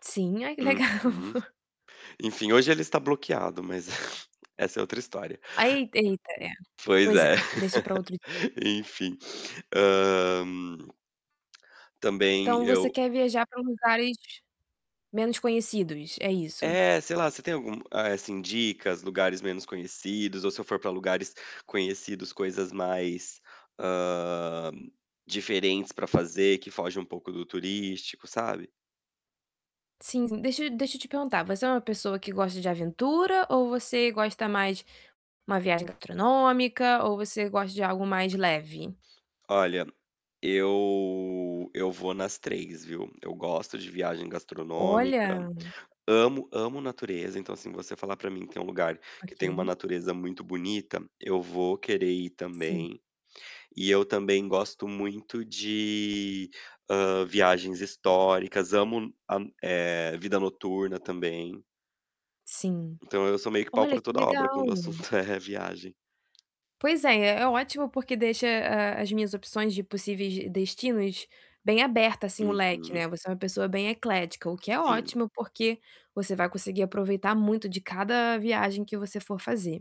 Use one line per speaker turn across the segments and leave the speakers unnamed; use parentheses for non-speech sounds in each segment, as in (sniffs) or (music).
Sim, ai, que legal.
Uhum. Enfim, hoje ele está
(sniffs)
bloqueado, mas (chuckles) essa é outra história
Ae eita, é.
pois
Pois
é,
é, deixa pra
(laughs)
outro dia.
enfim. Hã, também
Então, você
eu
quer viajar pra uns lugares menos conhecidos, é isso?
É, sei lá, você tem algum, eh assim, dicas, lugares menos conhecidos, ou se eu for pra lugares conhecidos, coisas mais, hã, diferentes pra fazer que fogem um pouco do turístico, sabe?
Sim, sim, deixa eu deixa eu te perguntar. Você é uma pessoa que gosta de aventura ou você gosta mais uma viagem gastronômica, ou você gosta de algo mais leve?
Olha, eu eu vou nas 3, viu? Eu gosto de viagem gastronômica.
Olha!
Amo amo natureza, então, assim, você falar pra mim que tem lugar que tem uma
OK.
natureza muito bonita, eu vou querer ir
Sim.
também. E eu também gosto muito de, hã, viagens históricas. Amo a eh, vida noturna também.
Sim.
Então, eu sou meio que pau
Olha,
pra
que
toda obra quando
legal!
o assunto é viagem.
Pois é, é é ótimo porque deixa, hã, as minhas opções de possíveis d destinos bem aberto, assim, o leque, né.
Uhum.
Você é uma pessoa bem eclética, o que é
Sim.
ótimo, porque você vai conseguir aproveitar muito de cada viagem que você for fazer.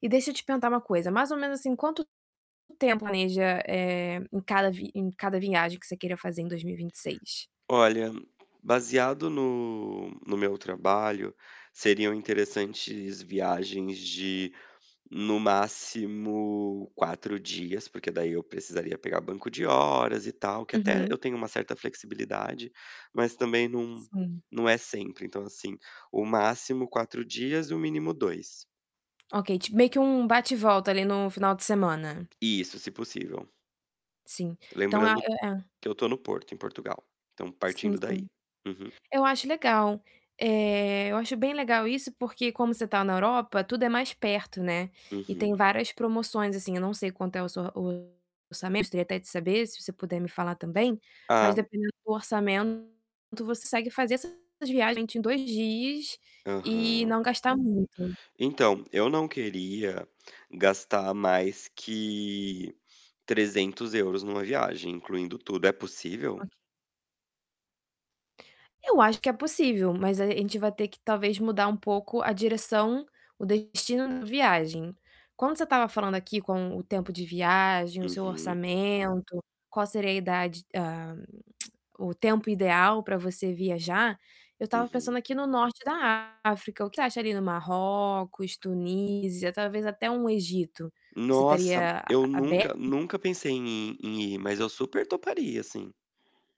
E deixa eu te perguntar uma coisa, mais ou menos, assim, quanto tempo planeja, eh, em cada vi em cada viagem que você queira fazer em 2026?
Olha, baseado no no meu trabalho, seriam interessantes viagens de no máximo, 4 dias, porque daí eu precisaria pegar banco de horas e tal, que até
Uhum.
eu tenho uma certa flexibilidade, mas também não
Sim.
não é sempre. Então, assim, o máximo 4 dias e o mínimo 2.
OK, ti meio que um bate e volta, ali, no final de semana.
Isso, se possível.
Sim. Então a
Lembrando
é é.
que eu tô no Porto, em Portugal. Então,
Sim,
partindo
sim.
daí. Uhum.
Eu acho legal. Eh, eu acho bem legal isso, porque como você tá na Europa, tudo é mais perto, né, e tem
Uhum.
várias promoções, assim. Eu não sei quanto é o s seu orçamento gostaria até de saber, se você puder me falar também, mas,
Ah.
dependendo do orçamento, você consegue fazer essas viagens em 2 dias e
Aham.
não gastar muito.
Então, eu não queria gastar mais que 300 € numa viagem, incluindo tudo. É possível?
OK. Eu acho que é possível, mas aí a gente vai ter que, talvez, mudar um pouco a direção, o destino da viagem. Quando você estava falando aqui com o tempo de viagem, o seu
Uhum.
orçamento, qual seria a idade, hã, (clicks tongue) o tempo ideal pra você viajar, eu estava
Uhum.
pensando aqui no norte da África. O que acha ali do Marrocos, Tunísia, talvez até um Egito? Você
Nossa,
estaria a
eu
a
nunca
aberta?
nunca pensei em em ir, mas eu super toparia, sim.